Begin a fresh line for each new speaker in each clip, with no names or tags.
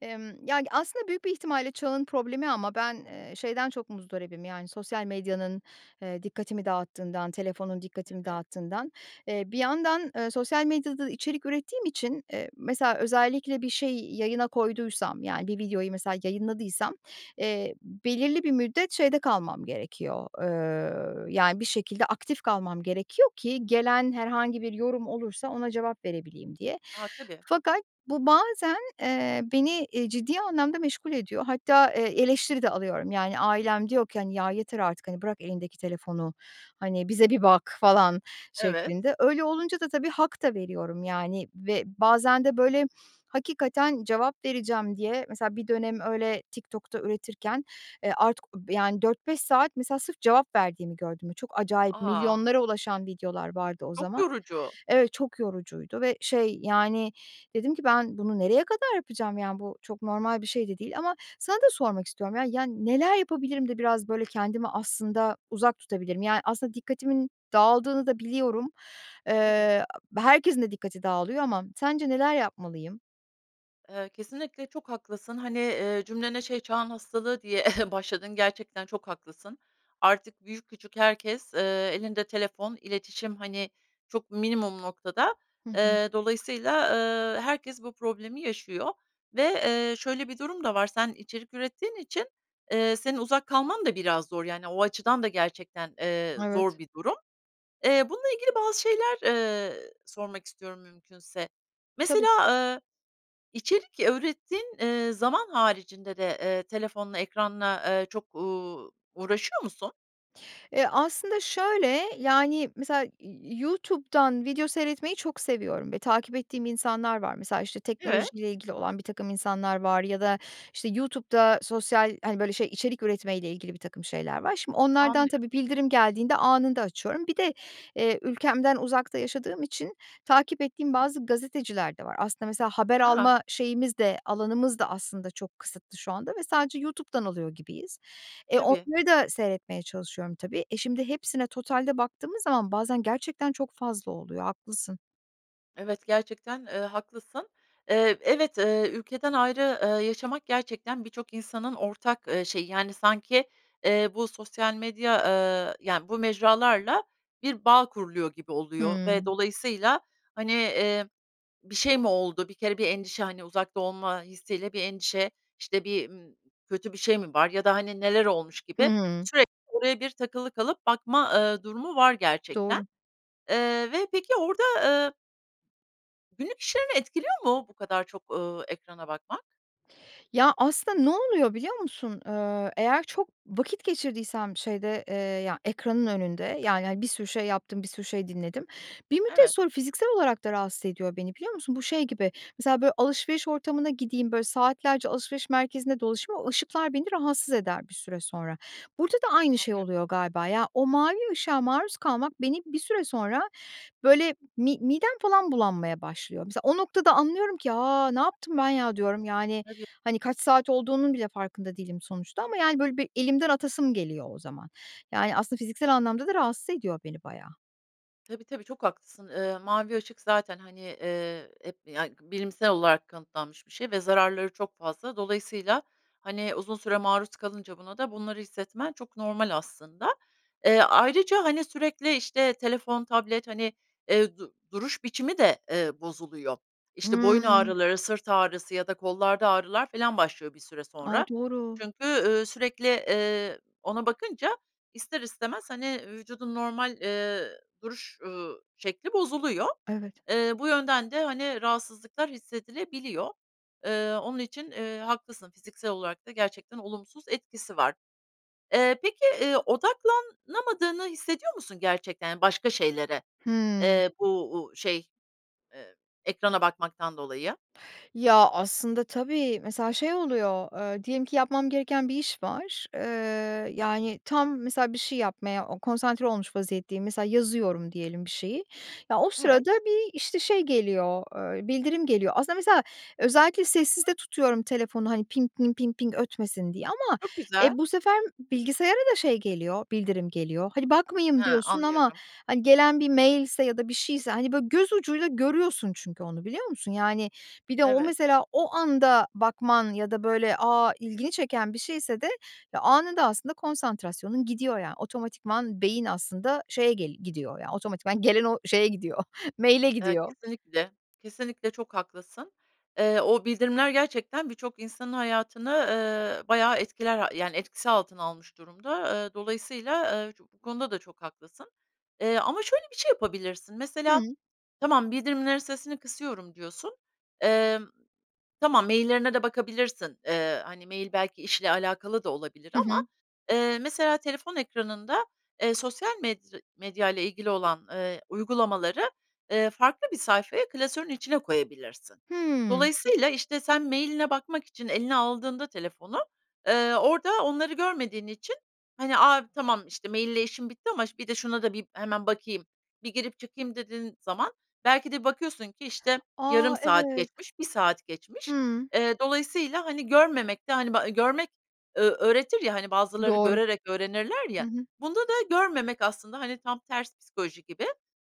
Emm, ya, g aslında büyük bir ihtimalle çağın problemi ama ben, eee, şeyden çok muzdaribim, yani, sosyal medyanın, eee, dikkatimi dağıttığından, telefonun dikkatimi
Evet.
dağıttığından. Eee, bir yandan, ııı, sosyal medyada içerik ürettiğim için, eee, mesela özellikle bir şey yayına koyduysam, yani, bir videoyu mesela yayınladıysam, eee, belirli bir müddet şeyde kalmam gerekiyor. Iıı, yani, bir şekilde aktif kalmam gerekiyor ki gelen herhangi bir yorum olursa ona cevap verebileyim diye.
A, tabii.
Fakat bu bazen, eee, beni, e, ciddi anlamda meşgul ediyor. Hatta, eee, eleştiri de alıyorum. Yani, ailem diyor ki, hani, "Ya, yeter artık, hani, bırak elindeki telefonu, hani, bize bir bak." falan
Evet.
şeklinde. Öyle olunca da tabii hak da veriyorum, yani, ve bazen de, böyle, hakikaten cevap vereceğim diye mesela bir dönem öyle TikTok'ta üretirken, eee artık, yani, 4-5 saat mesela sırf cevap verdiğimi gördüm. Çok acayip
A,
milyonlara
[unintelligible]
ulaşan videolar vardı o
çok
zaman.
yorucu.
Evet, çok yorucuydu ve şey, yani, dedim ki ben bunu nereye kadar yapacağım, yani, bu çok normal bir şey de değil ama sana da sormak istiyorum, ya, yani, neler yapabilirim de biraz, böyle, kendimi aslında uzak tutabilirim? Yani, aslında dikkatimin dağıldığını da biliyorum.
Tabii.
Eee, herkesin de dikkati dağılıyor ama sence neler yapmalıyım?
Eee, kesinlikle çok haklısın, hani, eee, cümlene şey çağın hastalığı diye başladın, gerçekten çok haklısın. Artık büyük küçük herkes, eee, elinde telefon, iletişim, hani, çok minimum noktada.
Hı hı.
Eee, dolayısıyla, eee, herkes bu problemi yaşıyor ve, eee, şöyle bir durum da var. Sen içerik ürettiğin için, eee, senin uzak kalman da biraz zor. Yani, o açıdan da gerçekten, eee, zor
Evet.
bir durum. Eee, bununla ilgili bazı şeyler, eee, sormak istiyorum mümkünse.
Tabii.
Mesela, eee, içerik ürettiğin, eee, zaman haricinde de, eee, telefonla, ekranla, eee, çok, ııı, uğraşıyor musun?
Eee, aslında şöyle, yani, mesela YouTube'dan video seyretmeyi çok seviyorum ve takip ettiğim insanlar var. Mesela, işte,
Evet.
teknolojiyle ilgili olan birtakım insanlar var ya da, işte, YouTube'da sosyal, hani, böyle, şey içerik üretmeyle ilgili birtakım şeyler var. Şimdi onlardan
Anlıyorum.
tabii, bildirim geldiğinde anında açıyorum. Bir de, eee, ülkemden uzakta yaşadığım için takip ettiğim bazı gazeteciler de var. Aslında, mesela, haber
A!
alma şeyimiz de, alanımız da aslında çok kısıtlı şu anda ve sadece YouTube'dan alıyor gibiyiz. E,
Tabii.
onları da seyretmeye çalışıyorum, tabii. E, şimdi hepsine totalde baktığımız zaman bazen gerçekten çok fazla oluyor, haklısın.
Evet, gerçekten, eee, haklısın. Eee, evet, eee, ülkeden ayrı, eee, yaşamak gerçekten birçok insanın ortak, eee, şeyi, yani, sanki, eee, bu sosyal medya, eee, yani, bu mecralarla bir bağ kuruluyor gibi oluyor ve
Hımm.
dolayısıyla, hani, eee, bir şey mi oldu, bir kere bir endişe, hani, uzakta olma hissiyle bir endişe, işte, bir, ımm, kötü bir şey mi var ya da, hani, neler olmuş gibi
Hımm.
sürekli oraya bir takılı kalıp, bakma, ııı, durumu var gerçekten.
Doğru.
Eee, ve peki orada, eee Günlük işlerini etkiliyor mu bu kadar çok, ııı, ekrana bakmak?
Ya, aslında ne oluyor, biliyor musun? Eee, eğer çok vakit geçirdiysem, şeyde, eee, ya, ekranın önünde, yani, hani, bir sürü şey yaptım, bir sürü şey dinledim. Bir müddet
Evet.
sonra fiziksel olarak da rahatsız ediyor beni, biliyor musun? Bu şey gibi, mesela, böyle, alışveriş ortamına gideyim, böyle, saatlerce alışveriş merkezinde dolaşayım, o ışıklar beni rahatsız eder bir süre sonra. Burada da aynı şey
Anlıyorum.
oluyor galiba, ya, o mavi ışığa maruz kalmak beni bir süre sonra, böyle, mi midem falan bulanmaya başlıyor. Mesela o noktada anlıyorum ki, "A, ne yaptım ben ya!" diyorum, yani,
Tabii.
hani, kaç saat olduğunun bile farkında değilim sonuçta ama, yani, böyle, bir elimden atasım geliyor o zaman. Yani, aslında fiziksel anlamda da rahatsız ediyor beni bayağı.
Tabii, tabii, çok haklısın. Eee, mavi ışık zaten, hani, eee, hep, yani, bilimsel olarak kanıtlanmış bir şey ve zararları çok fazla. Dolayısıyla, hani, uzun süre maruz kalınca buna da bunları hissetmen çok normal aslında. Eee, ayrıca, hani, sürekli, işte, telefon, tablet, hani, eee, du duruş biçimi de, eee, bozuluyor. İşte, boyun
Hımm.
ağrıları, sırt ağrısı ya da kollarda ağrılar filan başlıyor bir süre
A!
sonra.
Doğru.
Çünkü, ııı, sürekli, eee, ona bakınca ister istemez, hani, vücudun normal, eee, duruş, ııı, şekli bozuluyor.
Evet.
Eee, bu yönden de, hani, rahatsızlıklar hissedilebiliyor. Eee, onun için, eee, haklısın, fiziksel olarak da gerçekten olumsuz etkisi var. Eee, peki, eee, odaklanamadığını hissediyor musun gerçekten, yani, başka şeylere,
Hımm.
eee, bu, u şey, eee, ekrana bakmaktan dolayı?
Ya, aslında, tabii, mesela şey oluyor, eee, diyelim ki yapmam gereken bir iş var. Eee, yani, tam mesela bir şey yapmaya o konsantre olmuş vaziyetteyim, mesela yazıyorum diyelim bir şeyi, ya, o sırada
Evet.
bir, işte, şey geliyor, eee, bildirim geliyor. Aslında mesela özellikle sessizde tutuyorum telefonu, hani, pink, mink, pink, pink ötmesin diye ama,
Çok
e,
güzel.
bu sefer bilgisayara da şey geliyor, bildirim geliyor. Hadi bakmayayım
Ha,
diyorsun ama,
anlıyorum.
hani, gelen bir mailse ya da bir şeyse, hani, böyle göz ucuyla görüyorsun çünkü onu, biliyor musun? Yani, bir de o
Evet.
mesela o anda bakman ya da, böyle, a, ilgini çeken bir şeyse de, eee, anında aslında konsantrasyonun gidiyor, ya, otomatikman beyin aslında şeye gel gidiyor, yani, otomatikman gelen o şeye gidiyor, mail'e
Eee,
gidiyor.
kesinlikle, kesinlikle çok haklısın. Eee, o bildirimler gerçekten birçok insanın hayatını, ııı, bayağı etkiler, ha yani, etkisi altına almış durumda. Iıı, dolayısıyla, eee, ço bu konuda da çok haklısın. Eee, ama şöyle bir şey yapabilirsin, mesela,
Hımm.
tamam, "Bildirimlerin sesini kısıyorum." diyorsun. Emm, tamam, mailler'ine de bakabilirsin. Eee, hani, mail belki işle alakalı da olabilir
Hı
ama,
hı.
eee, mesela telefon ekranında, eee, sosyal medri medyayla ilgili olan, eee, uygulamaları, eee, farklı bir sayfaya, klasörün içine koyabilirsin.
Hımm.
Dolayısıyla, işte, sen mail'ine bakmak için eline aldığında telefonu, eee, orada onları görmediğin için, hani, "A, tamam, mail ile işim bitti ama ş bir de şuna da bir hemen bakayım, bir girip çıkayım." dediğin zaman belki de bakıyorsun ki, işte, yarım
A!
saat
Evet.
geçmiş, 1 saat geçmiş.
Hımm.
Eee, dolayısıyla, hani, görmemek de hani, ba görmek, ö öğretir ya, hani, bazıları
Doğru.
görerek öğrenirler
Hı
ya,
hı.
bunda da görmemek aslında hani, tam ters psikoloji gibi,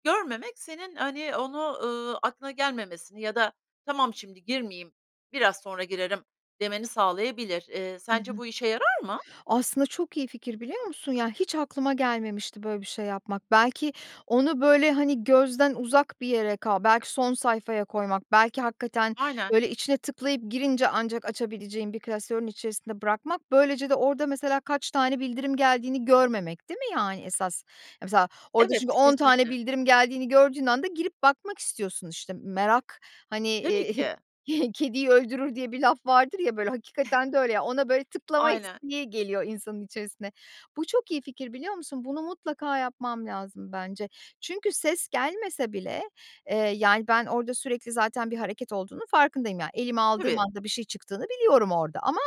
görmemek senin, hani, onu, ııı, aklına gelmemesini ya da: "Tamam, şimdi girmeyeyim, biraz sonra girerim." demeni sağlayabilir. Eee,
Hı
sence
hı.
bu işe yarar mı?
Aslında çok iyi fikir, biliyor musun? Ya, hiç aklıma gelmemişti böyle bir şey yapmak. Belki onu, böyle, hani, gözden uzak bir yere kal belki son sayfaya koymak, belki hakikaten,
Aynen.
böyle, içine tıklayıp girince ancak açabileceğin bir klasörün içerisinde bırakmak, böylece de orada mesela kaç tane bildirim geldiğini görmemek, değil mi, yani, esas? Mesela orada çünkü
Evet,
10 tane
kesinlikle.
bildirim geldiğini gördüğün anda girip bakmak istiyorsun, işte, "Merak, hani,
Tabii ki.
kediyi öldürür." diye bir laf vardır ya, böyle, hakikaten de öyle, ya, ona, böyle, tıklama
Aynen.
isteği geliyor insanın içerisine. Bu çok iyi fikir, biliyor musun? Bunu mutlaka yapmam lazım bence. Çünkü ses gelmese bile, eee, yani, ben orada sürekli zaten bir hareket olduğunu farkındayım. Ya, elime aldığım
Tabii.
anda bir şey çıktığını biliyorum orada ama,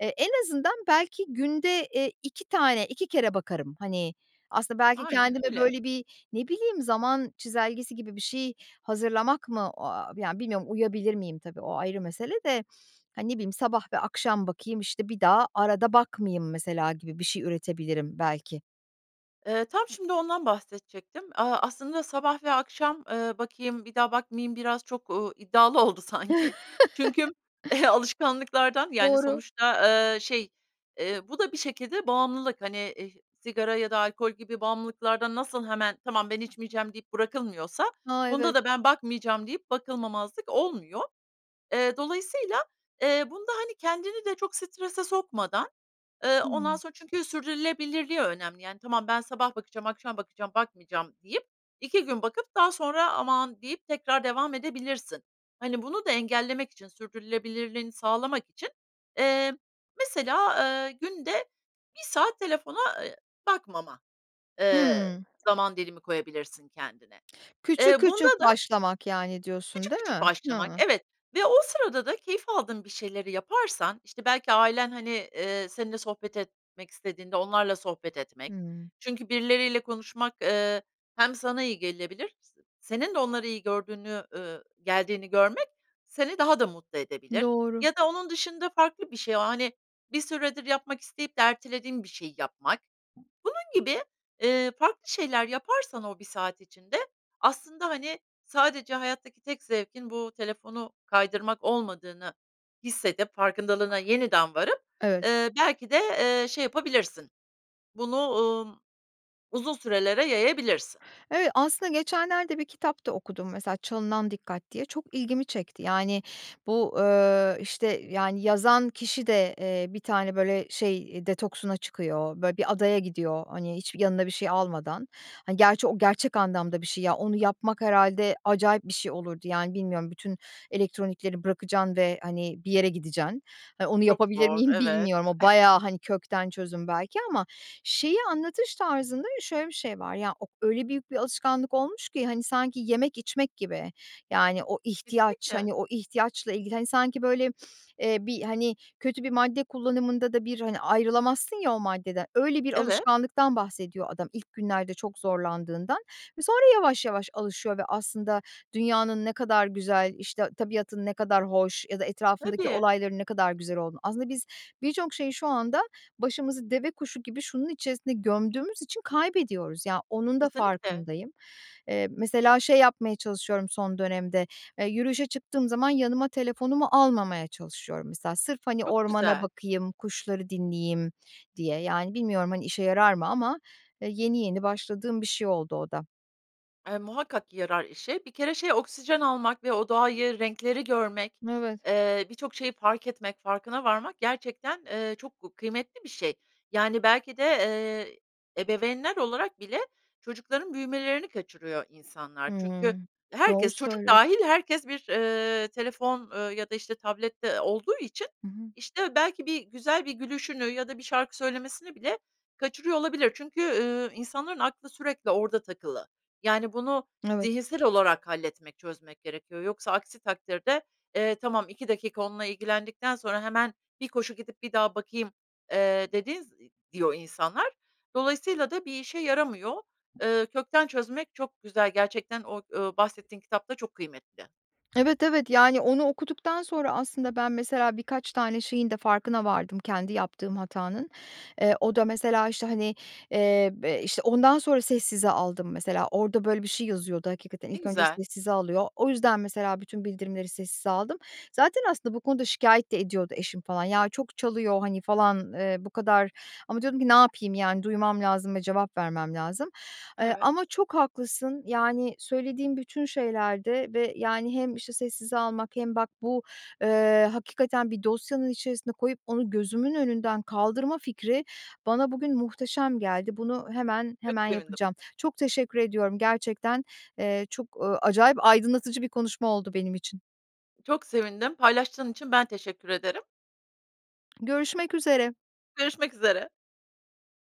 eee, en azından belki günde, eee, 2 tane 2 kere bakarım. Hani, aslında belki
Aynen
kendime,
öyle.
böyle, bir, ne bileyim, zaman çizelgesi gibi bir şey hazırlamak mı? O aaa, yani, bilmiyorum uyabilir miyim tabii, o ayrı mesele de, hani, ne bileyim, sabah ve akşam bakayım, işte, bir daha arada bakmayayım mesela gibi bir şey üretebilirim belki.
Eee, tam şimdi ondan bahsedecektim. Aaa, aslında sabah ve akşam, ııı, bakayım, bir daha bakmayayım biraz çok, ııı, iddialı oldu sanki. Çünkü alışkanlıklardan, yani,
Doğru.
sonuçta, ııı, şey, eee, bu da bir şekilde bağımlılık. Hani, eh sigara ya da alkol gibi bağımlılıklardan nasıl hemen, "Tamam, ben içmeyeceğim." deyip bırakılmıyorsa
Ha,
bunda
evet.
da, "Ben bakmayacağım." deyip bakılmamazlık olmuyor. Eee, dolayısıyla, eee, bunda, hani, kendini de çok strese sokmadan, ııı, ondan
Hıı.
sonra çünkü sürdürülebilirliği önemli. Yani, tamam, ben sabah bakacağım, akşam bakacağım, bakmayacağım deyip 2 gün bakıp daha sonra "aman" deyip tekrar devam edebilirsin. Hani, bunu da engellemek için, sürdürülebilirliğini sağlamak için, eee, mesela, ııı, günde 1 saat telefona, eee, bakmama, eee,
Hıı.
zaman dilimi koyabilirsin kendine.
Küçük
Eee, bunda
küçük
da
başlamak, yani, diyorsun
Küçük
değil
küçük
mi?
başlamak,
Hıı.
evet, ve o sırada da keyif aldığın bir şeyleri yaparsan, işte, belki ailen, hani, eee, seninle sohbet etmek istediğinde onlarla sohbet etmek
Hımm.
çünkü birileriyle konuşmak, ııı, hem sana iyi gelebilir, s senin de onları iyi gördüğünü, ııı, geldiğini görmek seni daha da mutlu edebilir
Doğru.
ya da onun dışında farklı bir şey o, hani, bir süredir yapmak isteyip de ertelediğin bir şeyi yapmak. Bunun gibi, eee, farklı şeyler yaparsan o 1 saat içinde aslında, hani, sadece hayattaki tek zevkin bu telefonu kaydırmak olmadığını hissedip farkındalığına yeniden varıp,
Evet.
ııı, belki de, ııı, şey yapabilirsin bunu, umm, uzun sürelere yayabilirsin.
Evet, aslında geçenlerde bir kitap da okudum mesela, "Çalınan Dikkat" diye, çok ilgimi çekti. Yani, bu, ııı, işte, yani, yazan kişi de, eee, bir tane, böyle, şey detoksuna çıkıyor, böyle, bir adaya gidiyor, hani, hiçbir yanında bir şey almadan. Hani, gerçi o gerçek anlamda bir şey, ya, onu yapmak herhâlde acayip bir şey olurdu, yani, bilmiyorum, bütün elektronikleri bırakacaksın ve, hani, bir yere gideceksin. Onu
Çok
yapabilir
zor,
miyim,
evet.
bilmiyorum. O bayağı, hani, kökten çözüm belki ama şeyi anlatış tarzında şöyle bir şey var. Ya, ok öyle büyük bir alışkanlık olmuş ki, hani, sanki yemek içmek gibi, yani, o ihtiyaç,
Kesinlikle.
hani, o ihtiyaçla ilgili, hani, sanki, böyle, eee, bir, hani, kötü bir madde kullanımında da bir, hani, ayrılamazsın ya o maddeden, öyle bir
Evet.
alışkanlıktan bahsediyor adam ilk günlerde çok zorlandığından ve sonra yavaş yavaş alışıyor ve aslında dünyanın ne kadar güzel, işte, tabiatın ne kadar hoş ya da etrafındaki
Tabii.
olayların ne kadar güzel olduğunu, aslında biz birçok şeyi şu anda başımızı deve kuşu gibi şunun içerisinde gömdüğümüz için kaybediyoruz. Ya, onun da
Kesinlikle.
farkındayım. Eee, mesela şey yapmaya çalışıyorum son dönemde, eee, yürüyüşe çıktığım zaman yanıma telefonumu almamaya çalışıyorum mesela sırf, hani,
Çok
ormana
güzel.
bakayım, kuşları dinleyeyim diye. Yani, bilmiyorum, hani, işe yarar mı ama, eee, yeni yeni başladığım bir şey oldu o da.
Eee, muhakkak yarar işe. Bir kere şey, oksijen almak ve o doğayı, renkleri görmek,
Evet.
eee, birçok şeyi fark etmek, farkına varmak gerçekten, eee, çok gu kıymetli bir şey. Yani, belki de, ııı, ebeveynler olarak bile çocukların büyümelerini kaçırıyor insanlar. Çünkü
Hımm. Doğru
herkes, çocuk
söylüyorsun.
dâhil herkes bir, ııı, telefon, eee, ya da işte tablette, ııı, olduğu için,
Hı hı.
işte, belki bir güzel bir gülüşünü ya da bir şarkı söylemesini bile kaçırıyor olabilir. Çünkü, ııı, insanların aklı sürekli orada takılı. Yani, bunu
Evet.
zihinsel olarak halletmek, çözmek gerekiyor. Yoksa aksi takdirde, eee, tamam, 2 dakika onunla ilgilendikten sonra hemen bir koşu gidip bir daha bakayım, eee, dediğin z diyor insanlar. Dolayısıyla da bir işe yaramıyor. Eee, kökten çözmek çok güzel, gerçekten o, ııı, bahsettiğin kitap da çok kıymetli.
Evet, evet, yani, onu okuduktan sonra aslında ben mesela birkaç tane şeyin de farkına vardım kendi yaptığım hatanın. Eee, o da mesela, işte, hani, eee, be işte, ondan sonra sessize aldım mesela, orada, böyle, bir şey yazıyordu hakikaten,
Ne
ilk önce
güzel.
sessize alıyor. O yüzden, mesela bütün bildirimleri sessize aldım. Zaten aslında bu konuda şikâyet de ediyordu eşim, falan. "Ya, çok çalıyor, hani" falan, eee, bu kadar ama diyordum ki, "Ne yapayım, yani, duymam lazım ve cevap vermem lazım." Eee,
Evet.
ama çok haklısın. Yani, söylediğin bütün şeylerde ve, yani, hem, işte, sessize almak hem bak, bu, eee, hakikaten bir dosyanın içerisine koyup onu gözümün önünden kaldırma fikri bana bugün muhteşem geldi. Bunu hemen,
Çok
hemen
sevindim.
yapacağım. Çok teşekkür ediyorum, gerçekten, eee, çok, ııı, acayip aydınlatıcı bir konuşma oldu benim için.
Çok sevindim, paylaştığın için ben teşekkür ederim.
Görüşmek üzere.
Görüşmek üzere.